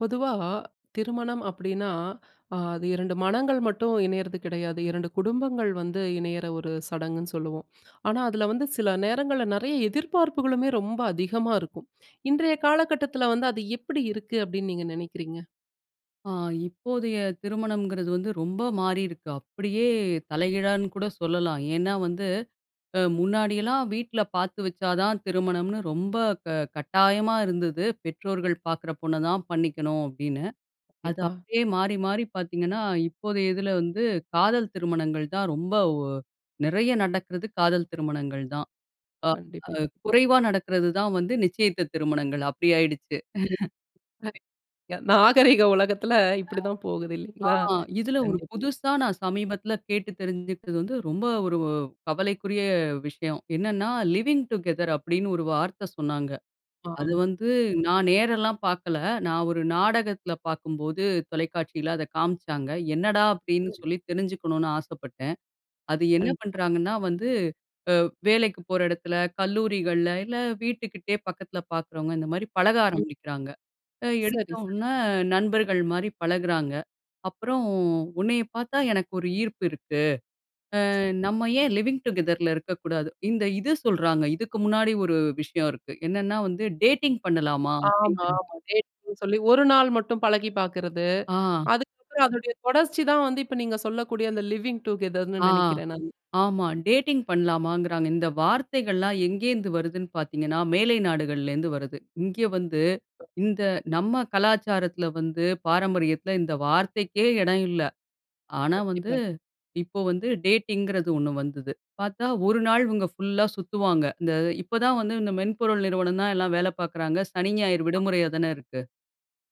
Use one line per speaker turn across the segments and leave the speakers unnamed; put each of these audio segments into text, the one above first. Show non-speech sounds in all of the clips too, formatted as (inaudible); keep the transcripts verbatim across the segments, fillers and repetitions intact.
பொதுவா திருமணம் அப்படின்னா, அ அது இரண்டு மனங்கள் மட்டும் இணையறது கிடையாது. இரண்டு குடும்பங்கள் வந்து இணையிற, ஒரு சடங்குன்னு சொல்லுவோம். ஆனா, அதில வந்து சில நேரங்கள்ல, நெறய எதிர்பார்ப்புகளுமே, ரொம்ப அதிகமா இருக்கும். இன்றைய காலகட்டத்தில வந்து, அது எப்படி இருக்கு அப்படின்னு நீங்க நெனைக்கிறீங்க?
அ, இப்போதைய திருமணம்ங்கிறது வந்து, ரொம்ப மாறியிருக்கு. அப்படியே தலைகீழானு கூட சொல்லலாம். ஏன்னா வந்து, அ முன்னாடியெல்லாம் வீட்ல பாத்து வச்சா தான் திருமணம்னு, ரொம்ப க கட்டாயமா இருந்தது. பெற்றோர்கள் பாக்குற பொண்ண தான் பண்ணிக்கணும், அப்படின்னு. அது
எப்பா
அப்படியே மாறி மாறி பாத்தீங்கன்னா, இப்போதைய இதில வந்து காதல் திருமணங்கள் தான் ரொம்ப ஒ நெறய நடக்குறது, காதல் திருமணங்கள் தான். அ
கண்டிப்பா.
அ
கண்டிப்பா.
குறைவா நடக்குறது தான் வந்து, நிச்சயத்த திருமணங்கள். அப்படி ஆயிடுச்சு. (giggles)
அதே நாகரீக உலகத்தில,
அ,
இப்படி தான் போகுது, இல்லைங்களா?
ஆ, இதில ஒரு
கண்டிப்பா.
புதுசா நான் சமீபத்தில கேட்டு தெரிஞ்சுக்கிறது வந்து, ரொம்ப ஒரு கவலைக்குரிய விஷயம். என்னன்னா, "லிவிங் டுகெதர்" அப்படின்னு ஒரு வார்த்தை சொன்னாங்க. அது
ஆம்.
வந்து, நான் நேரெல்லாம் பாக்கல. நான் ஒரு நாடகத்தில பாக்கும்போது, தொலைக்காட்சியில அத காமிச்சாங்க. என்னடா, அப்படின்னு
சரி.
சொல்லி தெரிஞ்சுக்கணுனு ஆசப்பட்டேன். அது என்ன
கண்டிப்பா.
பண்றாங்கன்னா வந்து, அ வேலைக்கு போற எடத்துல, கல்லூரிகள்ல, இல்ல வீட்டுகிட்டேயே பக்கத்துல பாக்கிறவங்க, இந்த மாரி பழக
ம்.
ஆரம்பிக்கிறாங்க. அ,
சரி, சரி.
எடுத்தோன, நண்பர்கள் மாரி பழகுறாங்க. அப்புறம், உன்னைய பாத்தா, எனக்கு ஒரு ஈர்ப்பு இருக்கு. அ, நம்ம ஏன் லிவிங் டுகெதர்ல இருக்கக்கூடாது. இந்த இது சொல்றாங்க. இதுக்கு முன்னாடி ஒரு விஷயம் இருக்கு. என்னென்னா வந்து, டேட்டிங் பண்ணலாமா?
ஆமா,
அப்படிங்கிறது.
ஆமா. டேட்டிங்னு சொல்லி ஒரு நாள் மட்டும் பழகி பாக்குறது.
ஆ.
அதுக்கப்புறம், அதனுடைய தொடர்ச்சி தான் வந்து, இப்ப நீங்க சொல்லக்கூடிய, அந்த "லிவிங் டுகெதர்ன்னு"
ஆ,
நெனக்கிறேன், நானு.
ஆமா. டேட்டிங் பண்ணலாமாங்கிறாங்க. இந்த வார்த்தைகள்லாம், எங்கேருந்து வருதுன்னு பார்த்தீங்கணா, மேலை நாடுகள்லேருந்து வருது. இங்க வந்து இந்த நம்ம கலாச்சாரத்தில வந்து, பாரம்பரியத்தில இந்த வார்த்தைக்கே எடம் இல்லை. ஆனா வந்து,
கண்டிப்பா.
இப்ப வந்து, டேட்டிங்கிறது ஒண்ணு வந்துது. பாத்தா, ஒரு நாள் இவங்க ஃபுல்லா சுத்துவாங்க. இந்த இப்பதான் வந்து இந்த மென்பொருள் நிறுவனம் தான், எல்லாம் வேல பாக்குறாங்க. சனி, ஞாயிறு
அ.
விடுமுறையா தான இருக்கு.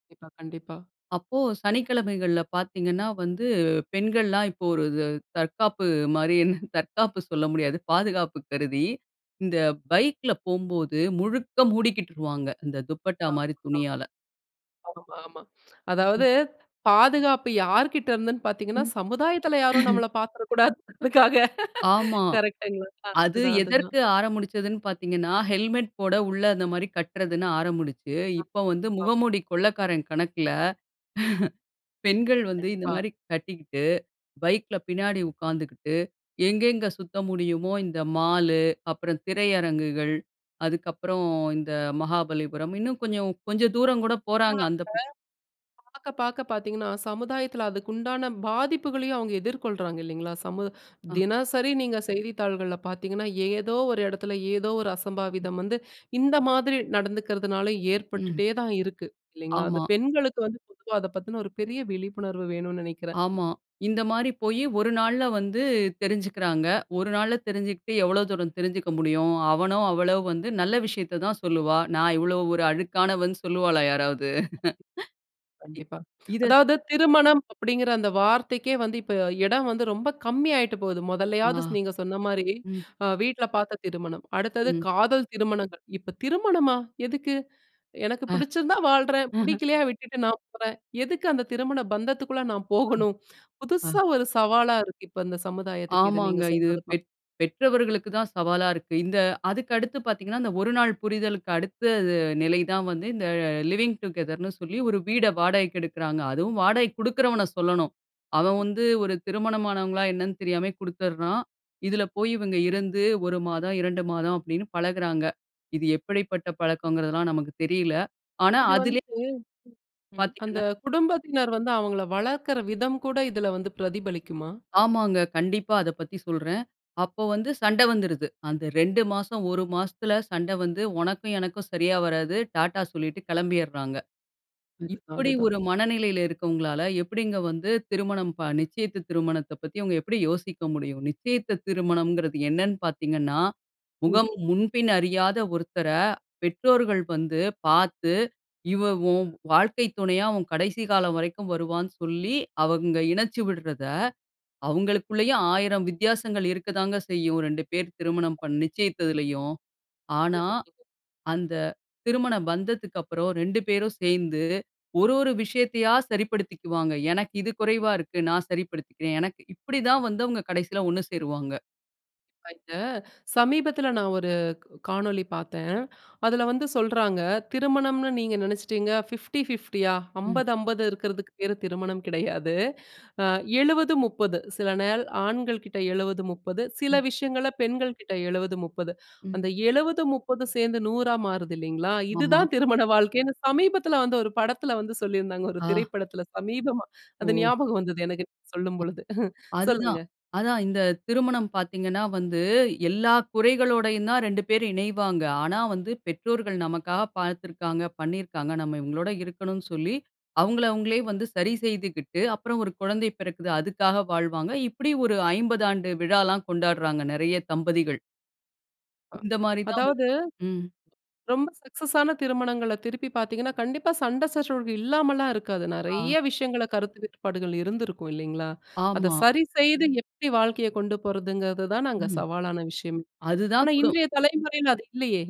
கண்டிப்பா, கண்டிப்பா.
அப்போ சனிக்கிழமைகள்ல பாத்தீங்கன்னா வந்து, பெண்கள்லாம் இப்போ ஒருது தற்காப்பு மாரின்னு, தற்காப்பு சொல்ல முடியாது, பாதுகாப்பு கருதி, இந்த பைக்ல போம்போது, முழுக்க மூடிக்கிட்டுருவாங்க, இந்த துப்பட்டா மாரி
(unintelligible)
துணியால.
ஆமா, ஆமா.
ம்.
அதாவது பாதுகாப்பு யார்கிட்டருந்துன்னு
ம்.
பார்த்தீங்கன்னா,
(chuckles)
சமுதாயத்தில யாரும் நம்மள பாத்துறக்கூடாதுன்றதுக்காக.
அ ஆமா.
கரெக்ட்ங்களா!
அது
அதுதான், அதுதான்.
எதற்கு ஆரமுடிச்சுதுன்னு பாத்தீங்கன்னா, ஹெல்மெட் போட உள்ள அந்த மாரி கட்டுறதுன்னு ஆரமுடிச்சு,
அ
இப்போ வந்து
ஆமா.
முகமூடி கொள்ளைக்காரன் கணக்கில, (chuckles) பெண்கள் வந்து இந்த
கண்டிப்பா.
மாரி கட்டிக்கிட்டு, பைக்ல பின்னாடி உக்காந்துகிட்டு, எங்கெங்க சுத்த முடியுமோ, இந்த மாலு, அப்புறம் திரையரங்குகள், அதுக்கப்புறம் இந்த மகாபலிபுரம், இன்னும் கொஞ்சம் கொஞ்சம் தூரம் கூட போறாங்க.
(unintelligible)
அந்தப்
பாக்க பாக்க பாத்தீங்கன்னா, சமுதாயத்தில அதுக்கு உண்டான பாதிப்புகளையும் அவுங்க எதிர்கொள்றாங்க இல்லைங்களா? சமூ
ஆ.
தினசரி நீங்க செய்தித்தாள்கள்ல பாத்தீங்கன்னா, ஏதோ ஒரு எடத்துல, ஏதோ ஒரு
ம்.
அசம்பாவிதம் வந்து, இந்த மாதிரி நடந்துக்கிறதுனால
ம்.
ஏற்பட்டுட்டே தான் இருக்கு, இல்லைங்களா? அது
ஆமா.
பெண்களுக்கு வந்து பொதுவா அத பத்தின ஒரு பெரிய விழிப்புணர்வு வேணும்னு நெனைக்கிறேன்.
ஆமா. இந்த மாரி போயி, ஒரு நாள்ல வந்து தெரிஞ்சுகிறாங்க. ஒரு நாள்ல தெரிஞ்சுகிட்டு, எவ்ளோ தூரம் தெரிஞ்சுக்க முடியும்? அவனோ அவளோ வந்து நல்ல விஷயத்தை தான் சொல்லுவா. நான் இவ்வளோ ஒரு அழுக்கானவன்னு சொல்லுவாளா யாராவது? இ
கண்டிப்பா.
இத
அதாவது திருமணம் அப்படிங்கிற அந்த வார்த்தைக்கே வந்து, இப்ப எடம் வந்து ரொம்ப கம்மி ஆயிட்டு போது. மொதல்லையாவது
ஆ,
ஸ் நீங்க சொன்ன மாரி,
ம்.
அ வீட்ல பாத்த திருமணம், அடுத்தது
ம்.
காதல் திருமணங்கள், இப்ப, "திருமணமா? எதுக்கு? எனக்கு
ஆ,
பிடிச்சிருந்தா வாழ்றேன்.
ஆஹ.
புடிக்கலையா விட்டுட்டு நான் போறேன். எதுக்கு அந்த திருமண பந்தத்துக்குள்ள நான்
ஆ,
போகணும்?"
ஆ.
புதுசா ஒரு சவாலா இருக்கு, இப்ப இந்த சமுதாயத்துக்கு இது நீங்க
ஆமாங்க, இது
சொல்றது தான்.
பெத் பெற்றவர்களுக்கு தான் சவாலா இருக்கு. இந்த அதுக்கடுத்து பாத்தீங்கன்னா, இந்த ஒரு நாள் புரிதலுக்கு அடுத்த து நிலை தான் வந்து, இந்த ல "லிவிங் டுகெதர்ன்னு" சொல்லி ஒரு வீட வாடகைக்கு எடுக்கிறாங்க. அதுவும் வாடகைக்கு குடுக்கிறவன சொல்லணும். அவன் வந்து ஒரு திருமணமானவங்களா என்னன்னு தெரியாமயே குடுத்துடுறான். இதில போயி இவுங்க இருந்து, ஒரு மாதம், இரண்டு மாதம் அப்படின்னு பழகுறாங்க. இது எப்படிப்பட்ட பழக்கம்ங்கிறதெல்லாம் நமக்கு தெரியல! ஆனா
இது
அதிலே
வந்து, ம் அந்த
பாத்தீங்கன்னா
குடும்பத்தினர் வந்து அவங்கள வளர்க்கிற விதம் கூட இதில வந்து பிரதிபலிக்குமா?
ஆமாங்க, கண்டிப்பா அத பத்தி சொல்றேன். அப்ப வந்து சண்டை வந்துருது. அந்த ரெண்டு மாசம், ஒரு மாசத்துல சண்டை வந்து, "உனக்கும் எனக்கும் சரியா வராது" டாட்டா சொல்லிட்டு கெளம்பிட்றாங்க.
(unintelligible)
இப்டி
அதுதான்.
ஒரு மனநிலையில இருக்கிறவங்களால, எப்டிங்க வந்து திருமணம் ப நிச்சயித்த திருமணத்தப் பத்தி அவுங்க எப்டி யோசிக்க முடியும்? நிச்சயித்த திருமணம்ங்கிறது என்னன்னு பார்த்தீங்கன்னா,
ம்.
முகம் முன்பின் அறியாத ஒருத்தர, பெற்றோர்கள் வந்து பாத்து, இவ உன் வாழ்க்கை துணையா, உன் கடைசி காலம் வரைக்கும் வருவான்னு சொல்லி, அவுங்க இணைச்சு விடுறதை, அவுங்களுக்குள்ளேயே ஆயிரம் வித்தியாசங்கள் இருக்கதாங்க செய்யும், ரெண்டு பேர் திருமணம் பண் நிச்சயித்ததிலேயும்.
சரியா
ஆனா,
சொன்னீங்க.
அந்த திருமண பந்தத்துக்கப்புறம், ரெண்டு பேரும் சேந்து, ஒரு ஒரு விஷயத்தையா சரிப்படுத்திக்குவாங்க. எனக்கு இது குறைவா இருக்கு. நான் சரிப்படுத்திக்கிறேன். எனக்கு இப்டி தான் வந்து அவுங்க கடைசில ஒண்ணு சேருவாங்க.
(unintelligible) சமீபத்தில நான் ஒரு காணொளி பார்த்தேன். அதில வந்து சொல்றாங்க, திருமணம்ன்னு நீங்க நினைச்சிட்டங்க பிப்படி பிப்படி,
ம்.
அம்பது அம்பது இருக்கிறதுக்கு பேரு (chuckles) திருமணம் கிடையாது. ஆ எழுபது: முப்பது சில நாள் ஆண்கள் கிட்ட எழுபது: முப்பது சில
ம்.
விஷயங்களை பெண்கள்கிட்ட எழுபது: முப்பது
ம்.
அந்த எழுபது: முப்பது சேர்ந்து நூறுஆ மாறுது இல்லைங்களா?
ஆமா.
இதுதான் (chuckles) திருமண வாழ்க்கைன்னு சமீபத்தில வந்து ஒரு படத்தில வந்து சொல்லியிருந்தாங்க, ஒரு
ஆ.
திரைப்படத்தில சமீபமா. அது
ஒ.
ஞாபகம் வந்தது எனக்கு (chuckles) சொல்லும்
அ.
பொழுது.
அதுதான்.
சொல்லுங்க.
அதா, இந்த திருமணம் பார்த்தீங்கன்னா வந்து, எல்லா குறைகளோடையும் தான் ரெண்டு பேரும் இணைவாங்க. ஆனா வந்து, பெற்றோர்கள் நமக்காக பார்த்திருக்காங்க பண்ணியிருக்காங்க நம்ம இவங்களோட இருக்கணும்னு சொல்லி, அவங்கள அவங்களே வந்து சரி செய்துகிட்டு, அப்புறம் ஒரு குழந்தை பிறக்குது அதுக்காக வாழ்வாங்க. இப்டி ஒரு ஐம்பது ஆண்டு விழாலாம் கொண்டாடுறாங்க நிறைய தம்பதிகள்.
அ.
இந்த மாரி தான் வ,
அதாவது
ம்.
ரொம்ப சக்சஸான திருமணங்களை திருப்பி பார்த்திங்கன்னா, கண்டிப்பாக சண்டை சச்சரவு இல்லாமலா இருக்காது.
ஆ.
நிறைய விஷயங்களை கருத்து வேட்பாடுகள் இருந்திருக்கும் இல்லைங்களா? அத
ஆமா.
சரி செய்து எப்டி வாழ்க்கையை கொண்டு போறதுங்கிறது தான், நாங்க
ம்.
சவாலான விஷயம்.
அதுதான்
ஆனா,
குடும்
இன்றைய தலைமுறையில (chuckles) அது இல்லையே!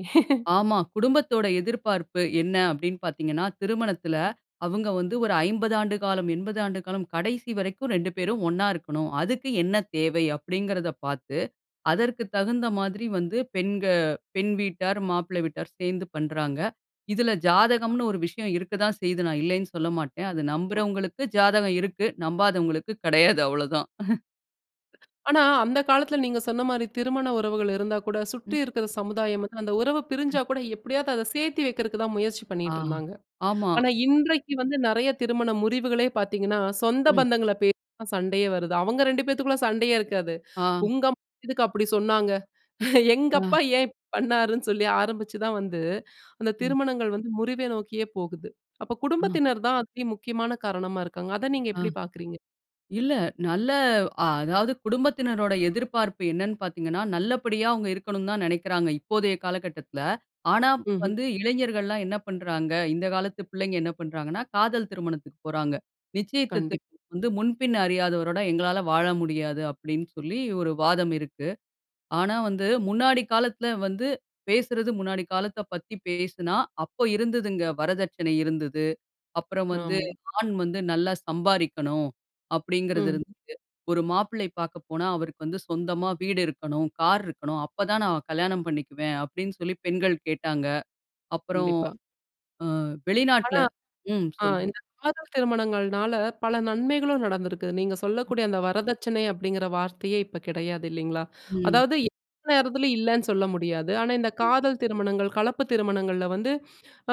ஆமா குடும்பத்தோட எதிர்பார்ப்பு என்ன அப்டினா பார்த்தீங்கனா, திருமணத்தில அவங்க வந்து ஒரு ஐம்பது ஆண்டு காலம், எண்பது ஆண்டு காலம் கடைசி வரைக்கும் ரெண்டு பேரும் ஒண்ணா இருக்கணும். அதுக்கு என்ன தேவை அப்டிங்கறத பார்த்து, அதற்கு தகுந்த மாதிரி வந்து பெண்க பெண் வீட்டார், மாப்பிள்ளை வீட்டார் சேர்ந்து பண்ணுகிறாங்க. இதில ஜாதகம்ன்னு ஒரு விஷயம் இருக்க தான் செய்து நான் இல்லைன்னு சொல்ல மாட்டேன். அதை நம்புகிறவர்களுக்கு ஜாதகம் இருக்கு. நம்பாதவர்களுக்கு (chuckles) கிடையாது அவ்ளோதான்.
ஆனா அந்த காலத்துல நீங்க சொன்ன மாரி திருமண உறவுகள் இருந்தா கூட சுற்றி
ம்.
இருக்குற சமுதாயம், அந்த உறவு பிரிஞ்சா
ம்.
கூட எப்டியாவது அத சேத்தி வைக்கிறதுக்கு தான் முயற்சி
ஆ
பண்ணிட்டு இருந்தாங்க.
ஆமா.
ஆனா இன்றைக்கு வந்து நறைய திருமண முறிவுகளே பாத்தீங்கன்னா, சொந்த
ம்.
பந்தங்கள பேசிதான் சண்டையே வருது. அவங்க ரெண்டு பேத்துக்குள்ள சண்டையே இருக்காது.
ஆ.
"உங்க அம்மா எதுக்கு அப்படி சொன்னாங்க? (snorts) எங்க
ஆ.
அப்பா ஏன் ப் பண்ணாருன்னு?" சொல்லி ஆரம்பிச்சு தான் வந்து அந்த
ம்.
திருமணங்கள் வந்து முறிவை நோக்கியே போகுது. அப்ப
அ.
குடும்பத்தினர் தான் அதி முக்கியமான காரணமா இருக்காங்க. அத நீங்க
அ.
எப்டி பாக்குறீங்க?
இல்ல நல்ல அதாவது குடும்பத்தினருடைய எதிர்பார்ப்பு என்னன்னு பாத்தீங்கனா, நல்லபடியா அவங்க இருக்கன்னு தான் நினைக்கிறாங்க, இப்போதைய காலகட்டத்துல. ஆனா
ம்ஹ்ம்.
வந்து இளைஞர்கள்லாம் என்ன பண்றாங்க. இந்த காலத்து பிள்ளைங்க என்ன பண்றாங்கனா, காதல் திருமணத்துக்கு போறாங்க. நிச்சயத்ததுக்கு
கண்டிப்பா.
வந்து "முன்பின் அறியாதவரோட எங்களால வாழ முடியாது" அப்டின் சொல்லி ஒரு வாதம் இருக்கு. ஆனா வந்து முன்னாடி காலத்துல வந்து பேசுறது முன்னாடி காலத்தப் பத்தி பேசுனா, அப்போது இருந்ததுங்க வரதட்சணை இருந்தது. அப்பறம் வந்து
ஆமா.
ஆண் வந்து நல்லா சம்பாரிக்கணும் அப்டிங்கறது
ம்.
இருந்தது. ஒரு மாப்பிள்ளை பாக்க போனா "அவருக்கு வந்து சொந்தமா வீடு இருக்கணும், கார் இருக்கணும். அப்ப தான் நான் கல்யாணம் பண்ணிக்குவேன்" அப்டின்னு சொல்லி பெண்கள் கேட்டாங்க. அப்புறம்
கண்டிப்பா.
அ வெளிநாட்ல
ஆனா
ம்ம்
அ
சொல்லுங்க.
இந்த காதல் திருமணங்கள்னால பல நன்மைகளும் நடந்திருக்கு. நீங்க சொல்லக்கூடிய அந்த வரதட்சணை அப்டிங்கற வார்த்தையே இப்ப கெடையாது இல்லைங்களா?
ம்.
அதாவது எந்த நேரத்துலயும் இல்லன்னு சொல்ல முடியாது. ஆனா இந்த
ம்.
காதல் திருமணங்கள், கலப்பு திருமணங்கள்ல வந்து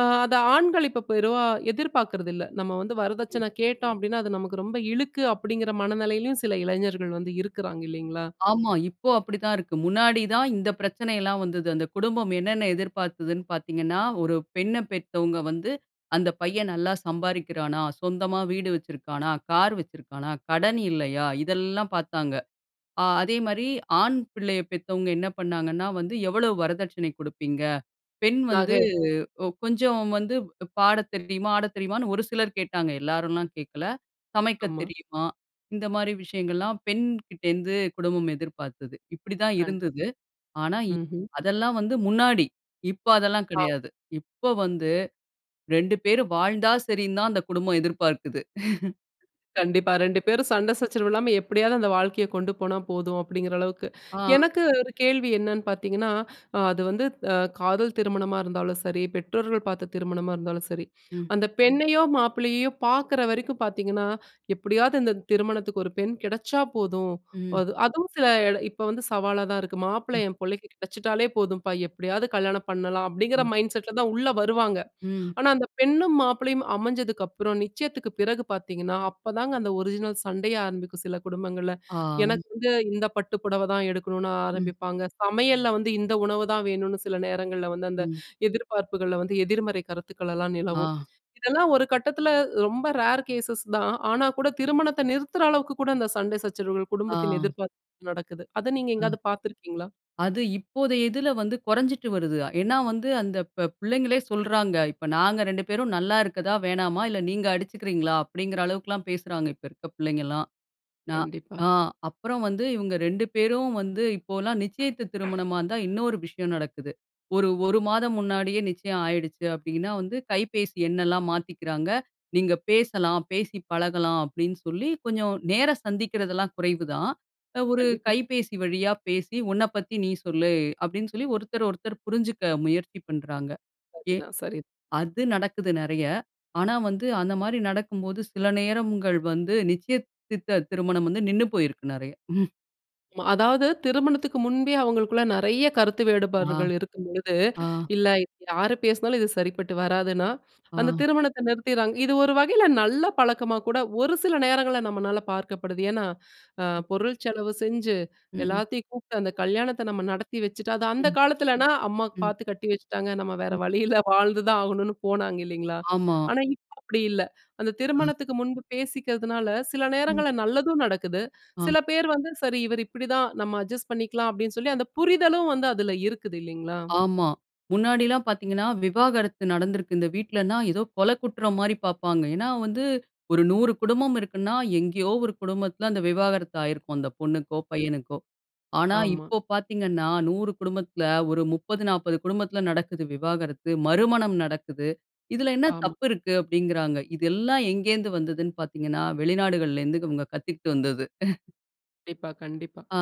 அ அத ஆண்கள் இப்போ பெருவா எதிர்பார்க்கறது இல்ல "நம்ம வந்து
ம்.
வரதட்சன கேட்டோம் அப்டின்னா, அது நமக்கு ரொம்ப இழுக்கு" அப்டிங்கிற மனநிலையிலயும் சில இளைஞர்கள் வந்து இருக்குறாங்க இல்லைங்களா?
ஆமா இப்போ அப்டித்தான் இருக்கு. முன்னாடி தான் இந்த பிரச்சனைலாம் வந்தது. அந்த குடும்பம் என்னென்ன எதிர்பார்த்ததுன்னு பாத்தீங்கனா, ஒரு பெண்ணப் பெத்தவங்க வந்து, "அந்த பையன் நல்லா சம்பாரிக்கிறானா? சொந்தமா வீடு வச்சிருக்குறானா? கார் வச்சிருக்குறானா? கடன் இல்லையா?" இதெல்லாம் பாத்தாங்க. ஆ அதே மாரிஆண் பிள்ளைய பெத்தவங்க என்ன பண்ணாங்கன்னா வந்து, "எவ்வளவு வரதட்சணை குடுப்பீங்க?" "பெண் வந்து
நகை.
கொஞ்சம் வந்து பாடத் தெரியுமா? ஆட தெரியுமா"ன்னு ஒரு சிலர் கேட்டாங்க, எல்லாரும்லாம் கேட்கல. "சமைக்க
ஆமா.
தெரியுமா?" இந்த மாரி விஷயங்கள்லாம் பெண்கிட்டேந்து குடும்பம் எதிர்பார்த்தது இப்படி தான்
கண்டிப்பா.
இருந்தது. ஆனா இ
ம்ஹ்ம்.
அதெல்லாம் வந்து முன்னாடி, இப்ப அதெல்லாம்
ஆ.
கெடையாது. இப்போ வந்து ரெண்டு பேர் வாழ்ந்தா சரின்னு தான் அந்த குடும்பம் எதிர்பார்க்குது. (laughs)
கண்டிப்பா ரெண்டு பேரும் சண்ட சச்சரவு இல்லாம எப்டியாவது அந்த வாழ்க்கைய கொண்டு போனா போதும் அப்டிங்கற அளவுக்கு.
ஆ.
எனக்கு ஒரு கேள்வி என்னன்னு பாத்தீங்கன்னா, அ அது வந்து அ காதல் திருமணமா இருந்தாலும் சரி, பெற்றோர்கள் பார்த்த திருமணமா இருந்தாலும் சரி,
ம்.
அந்த பெண்ணையோ மாப்பிள்ளையையோ பாக்குற வரைக்கும் பாத்தீங்கனா "எப்டியாவது இந்த திருமணத்துக்கு ஒரு பெண் கிடைச்சா போதும்.
ம்.
அது அதுவும் சில இப்ப வந்து சவாலா தான் இருக்கு. "மாப்பிள்ள
ம்.
என் புள்ளைக்கு கிடைச்சுட்டாலே போதும்பா எப்படியாவது கல்யாணம் பண்ணலாம்." அப்டிங்கற
ம்.
மைண்ட் செட் ல தான் உள்ள வருவாங்க.
ம்.
ஆனா அந்த பெண்ணும் மாப்பிளையும் அமைஞ்சதுக்கப்புறம் நிச்சயத்துக்கு பிறகு பாத்தீங்கன்னா, அப்பதாங்க அந்த ஒரிஜினல் சண்டையே ஆரம்பிக்கும் சில குடும்பங்கள்ல
ஆமா.
"எனக்கு வந்து இந்த பட்டு புடவ தான் எடுக்கணும்னு"
ம்.
ஆரம்பிப்பாங்க. சமையல்ல வந்து, "இந்த உணவ தான் வேணும்னு" சில நேரங்கள்ல வந்து அந்த
ம்.
எதிர்பார்ப்புகள்ல வந்து எதிர்மறை கருத்துக்கள்லாம் நிலவும்.
ஆ.
இதெல்லாம் ஒரு கட்டத்துல ரொம்ப ரேர் கேஸஸ் தான் ஆனா கூட திருமணத்த நிறுத்துற அளவுக்கு கூட அந்த சண்ட சச்சரவுகள்
ஆ.
குடும்பத்தின் எதிர்பார்ப்பு நடக்குது. அத நீங்க
ம்.
எங்காவது பாத்துருக்கீங்களா?
அது இப்போத இதுல வந்து கொறைஞ்சுட்டு வருது. ஏன்னா வந்து அந்த ப பிள்ளைங்களே சொல்றாங்க. "இப்ப நாங்க ரெண்டு பேரும் நல்லா இருக்றதா, வேணாமா? இல்ல நீங்க அடிச்சுக்றீங்களா?" அப்டிங்கற அளவுக்குல்லாம் பேசுறாங்க. இப்ப இருக்க பிள்ளைங்கள்லாம். நான்
கண்டிப்பா.
ஆ அப்பறம் வந்து இவங்க ரெண்டு பேரும் வந்து இப்போல்லாம் நிச்சயத்து திருமணமா இருந்தா இன்னொரு விஷயம் நடக்குது. ஒரு, ஒரு மாதம் முன்னாடியே நிச்சயம் ஆயிடுச்சு அப்டின்னா, வந்து கைபேசி எண்ணெல்லாம் மாத்திக்கிறாங்க. "நீங்க பேசலாம் பேசி பழகலாம்" அப்டின்னு சொல்லி கொஞ்சம் நேர சந்திக்கிறதெல்லாம் குறைவு தான். ஒரு
கண்டிப்பா.
கைபேசி வழியா பேசி "உன்னப் பத்தி நீ சொல்லு" அப்டின்னு சொல்லி ஒருத்தர், ஒருத்தர் புரிஞ்சுக்க முயற்சி பண்றாங்க.
சரி
ஏ
தான், சரி.
அது நடக்குது நிறைய. ஆனா வந்து அந்த மாரி நடக்கும்போது சில நேரங்கள் வந்து நிச்சயித்த திருமணம் வந்து நின்னு போயிருக்குது நெறையா.
அதாவது திருமணத்துக்கு முன்பே அவங்களுக்குள்ள நறைய கருத்து
ஆ.
வேடுபாடுகள் இருக்கும்பொழுது,
ஆ.
இல்ல இது யார் பேசுனாலும் இது சரிப்பட்டு வராதுன்னா, அந்த
ஆ.
திருமணத்த நிறுத்திட்றாங்க. இது ஒரு வகையில நல்ல பழக்கமா கூட ஒரு சில நேரங்கள்ல நம்மளால பார்க்கப்படுது. ஏன்னா, அ பொருள் செலவு செஞ்சு,
ம்.
எல்லாத்தையும் கூப்ட்டு அந்த கல்யாணத்த நம்ம நடத்தி வச்சுட்டு. அது அந்த
ம்.
காலத்துலனா, அம்மா
ம்.
பார்த்து கட்டி வச்சுட்டாங்க நம்ம (chuckles) வேற
ம்.
வழியில்ல வாழ்ந்துதான் ஆகணும்னு போனாங்க இல்லீங்களா?
ஆமா.
ஆனா, இப்போ அப்டி இல்ல. அந்த
அ.
திருமணத்துக்கு முன்பு பேசிக்கிறதுனால சில
ம்.
நேரங்கள்ல நல்லதும் நடக்குது.
ஆ.
சில பேர் வந்து சரி இவர் இப்டிதான் நம்ம அட்ஜஸ்ட் பண்ணிக்கலாம், அப்டின்னு சொல்லி அந்த புரிதலும் வந்து அதுல இருக்குது இல்லைங்களா?
ஆமா. முன்னாடிலாம் பார்த்தீங்கன்னா, விவாகரத்து நடந்திருக்கு இந்த வீட்லனா ஏதோ கொல, குற்றம் மாரி பாப்பாங்க. ஏனா, வந்து ஒரு நூறு குடும்பம் இருக்குனா, எங்கேயோ ஒரு குடும்பத்துல அந்த விவாகரத்து ஆயிருக்கும். அந்த பொண்ணுக்கோ,
ம்.
பையனுக்கோ. ஆனா,
ஆமா.
இப்போ பார்த்தீங்கன்னா நூறு குடும்பத்துல ஒரு முப்பது, நாப்பது குடும்பத்துல நடக்குது விவாகரத்து, மறுமணம் நடக்குது. இதுல என்ன
ஆமா.
தப்பு இருக்கு அப்டிங்கிறாங்க. இதெல்லாம் எங்கேந்து வந்தது பார்த்தீங்கன்னா, வெளிநாடுகள்ல இருந்து இவங்க கத்திக்கிட்டு வந்தது. (chuckles)
கண்டிப்பா. கண்டிப்பா.
ஆ.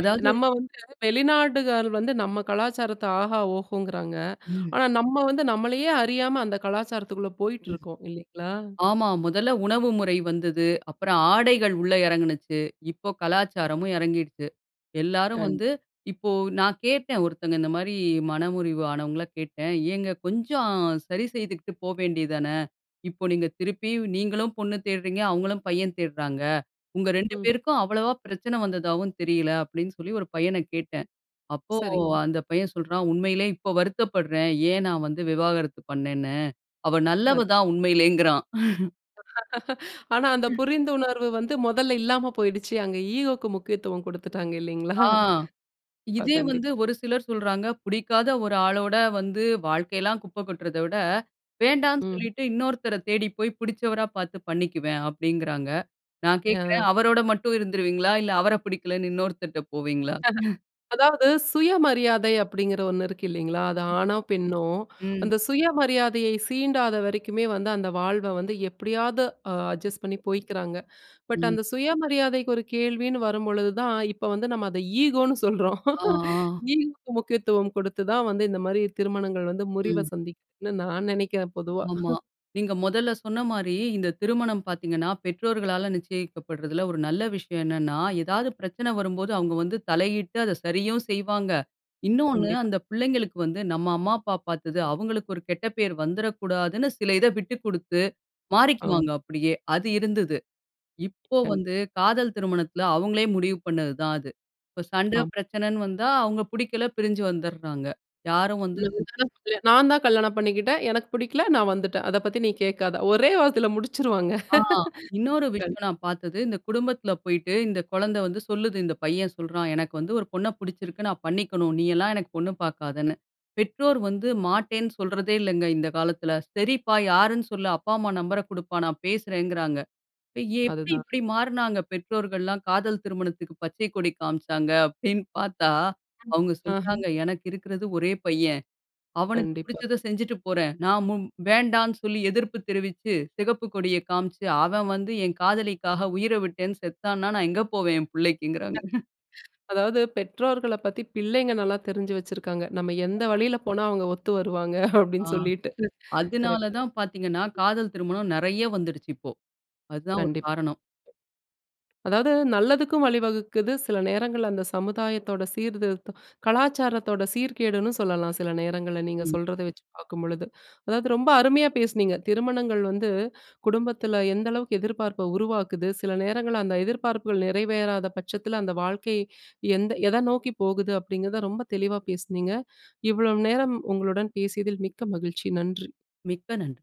பே நம்ம வந்து வெளிநாடுகள் வந்து நம்ம கலாச்சாரத்த ஆஹா, ஓஹோங்குறாங்க.
ம்.
ஆனா, நம்ம வந்து நம்மளையே அறியாம அந்த கலாச்சாரத்துக்குள்ள
ம்.
போயிட்ருக்கோம் இல்லைங்களா?
ஆமா. முதல உணவு முறை வந்தது. அப்புறம் ஆடைகள் உள்ள இறங்குனுச்சு. இப்போ கலாச்சாரமும் இறங்கிடுச்சு. எல்லாரும்
கண்
வந்து இப்போ நான் கேட்டேன், ஒருத்தங்க இந்த மாரி மனமுறிவு ஆனவங்கள கேட்டேன். ஏங்க கொஞ்சம் சரி செய்துகுட்டு போவேண்டியது தானே. இப்போ நீங்க, திருப்பியும் நீங்களும் பொண்ணு தேட்றீங்க அவங்களும் பையன் தேட்றாங்க. உங்க ரெண்டு
ம்.
பேருக்கும் அவ்வளவா பிரச்சன வந்ததாவும் தெரியல. அப்டின்னு சொல்லி ஒரு பையனக் கேட்டன். அப்போ
சரிங்க.
அந்த பையன் சொல்றான் உண்மையிலேயே இப்ப வருத்தப்பட்றன். ஏன் நான் வந்து விவாகரத்து பண்னேன்னு. அவ
(unintelligible)
நல்லவ தான் உண்மையிலேயேங்கிறான்.
(laughs) ஆனா. அந்த
(chuckles)
புரிந்துணர்வு வந்து முதல்ல இல்லாம போயிடுச்சு. அங்க ஈகோக்கு முக்கியத்துவம் குடுத்துட்டாங்க. இல்லைங்களா?
ஆ,
ப்பா.
இதே வந்து
கண்டிப்பா.
ஒரு சிலர் சொல்றாங்க. புடிக்காத ஒரு ஆளோட வந்து வாழ்க்கைலாம் குப்ப கொட்றத விட, வேண்டான்னு
ம்.
சொல்லிட்டு இன்னொருத்தர தேடி போய், புடிச்சவரா பார்த்து பண்ணிக்குவேன் அப்டிங்கிறாங்க. நான் கேட்கறேன்
யான்
அவரோட மட்டும் இருந்துருவீங்களா, இல்ல அவர புடிக்கலைன்னு இன்னொருத்தர்ட்ட போவீங்களா.
(chuckles) அதாவது சுயமரியாதை அப்டிங்கிற ஒன்னு இருக்கு இல்லைங்களா. அது ஆணோ, பெண்ணோ
ம்.
அந்த சுயமரியாதையை சீண்டாத வரைக்குமே வந்து அந்த வாழ்வ வந்து எப்டியாவது அட்ஜஸ்ட் பண்ணி போய்க்கிறாங்க. பட்
ம்.
அந்த சுயமரியாதைக்கு ஒரு கேள்வின்னு வரும்பொழுதுதான், இப்ப வந்து நம்ம அத ஈகோன்னு சொல்றோம்.
அ, ஆ.
ஈகோக்கு முக்கியத்துவம் குடுத்து தான் வந்து இந்த மாரி திருமணங்கள் வந்து முறிவ
ம்.
சந்திக்குதுன்னு நான் நெனைக்கிறேன் பொதுவா.
ஆமா.
(chuckles)
நீங்க மொதல சொன்ன மாரி, இந்த திருமணம் பார்த்தீங்கன்னா, பெற்றோர்களால நிச்சியிக்கப்பட்றதில்ல. ஒரு நல்ல விஷயம் என்னன்னா எதாவது பிரச்சனை வரும்போது, அவங்க வந்து தலையிட்டு அத சரியும் செய்வாங்க. இன்னொன்னு
கண்டிப்பா.
அந்த பிள்ளைங்களுக்கு வந்து நம்ம அம்மா அப்பா பார்த்தது. அவங்களுக்கு ஒரு கெட்ட பெயர் வந்துடக்கூடாதுன்னு, சில இத விட்டுக் குடுத்து
அம்.
மாறிக்குவாங்க அப்டியே அது இருந்தது. இப்போ
கண்
வந்து காதல் திருமணத்துல அவங்களே முடிவு பண்ணது தான் அது. இப்ப சண்ட
ஆம்.
பிரச்சனைன்னு வந்தா, அவங்க புடிக்கல பிரிஞ்சு வந்துட்றாங்க. யாரும் வந்து
(unintelligible) நான்தான் கல்யாணம் பண்ணிக்கிட்டேன். எனக்கு புடிக்கல நான் வந்துட்டன். அத பத்தி நீ கேட்காத ஒரே வார்த்தையில முடிச்சுருவாங்க.
ஆ, இன்னொரு
கண்
விஷயம் நான் பார்த்தது, இந்த குடும்பத்துல போயிட்டு இந்த குழந்த வந்து சொல்லுது. இந்த பையன் சொல்றான். எனக்கு வந்து ஒரு பொண்ண புடிச்சிருக்கு நான் பண்ணிக்கணும். நீயெல்லாம் எனக்கு பொண்ணு பார்க்காதன்னு. பெற்றோர் வந்து மாட்டேன்னு சொல்றதே இல்லங்க. இந்த காலத்துல சரிப்பா யாருன்னு சொல்ல அப்பா, அம்மா நம்பர்ர குடுப்பா, நான் பேசுறங்குறாங்க. எப்டி
அதுதான்.
இப்டி மாற்னாங்க பெற்றோர்கள்லாம் காதல் திருமணத்துக்கு பச்சை கொடி காண்பிச்சாங்க, அப்டின்னு பார்த்தா அவங்க
ஆஹ
சொன்னாங்க எனக்கு இருக்கிறது ஒரே பையன். அவனுக்கு
கண்டிப்பா.
புடிச்சத செஞ்சிட்டு போறேன். நான் மு வேண்டான்னு சொல்லி எதிர்ப்பு தெரிவிச்சு, சிகப்பு கொடிய காண்பிச்சு அவன் வந்து என் காதலிக்காக உயிர விட்டேன் செத்தான்னா, நான் எங்க போவேன் என் புள்ளைக்குங்கறாங்க. (chuckles)
அதாவது பெற்றோர்கள பத்தி பிள்ளைங்க நல்லா தெரிஞ்சு வச்சிருக்காங்க. நம்ம எந்த வழியில போனா, அவங்க ஒத்து வருவாங்க
ஆ.
அப்டின்னு சொல்லிட்டு.
அதனால
கரெக்ட்டு.
தான் பார்த்தீங்கன்னா, காதல் திருமணம் நறைய வந்துடுச்சு இப்போ. அதுதான் ஒரு
கண்டிப்பா.
காரணம்.
அதாவது நல்லதுக்கும் வழிவகுக்குது, சில நேரங்கள்ல அந்த சமுதாயத்தோட சீர்திருத்தம், கலாச்சாரத்தோட சீர்கேடுன்னு சொல்லலாம். சில நேரங்கள்ல நீங்க
ம்.
சொல்றத வச்சு பார்க்கும்பொழுது. அதாவது ரொம்ப அருமையா பேசினீங்க. திருமணங்கள் வந்து குடும்பத்துல எந்த அளவுக்கு எதிர்ப்பார்ப்ப உருவாக்குது, சில நேரங்கள்ல அந்த எதிர்பார்ப்புகள் நிறைவேறாத பட்சத்துல, அந்த வாழ்க்கை எந்த எத நோக்கி போகுது அப்டிங்கிறத ரொம்ப தெளிவா பேசுனீங்க. இவ்வளவு நேரம் உங்களுடன் பேசியதில் மிக்க மகிழ்ச்சி. நன்றி.
மிக்க நன்றி.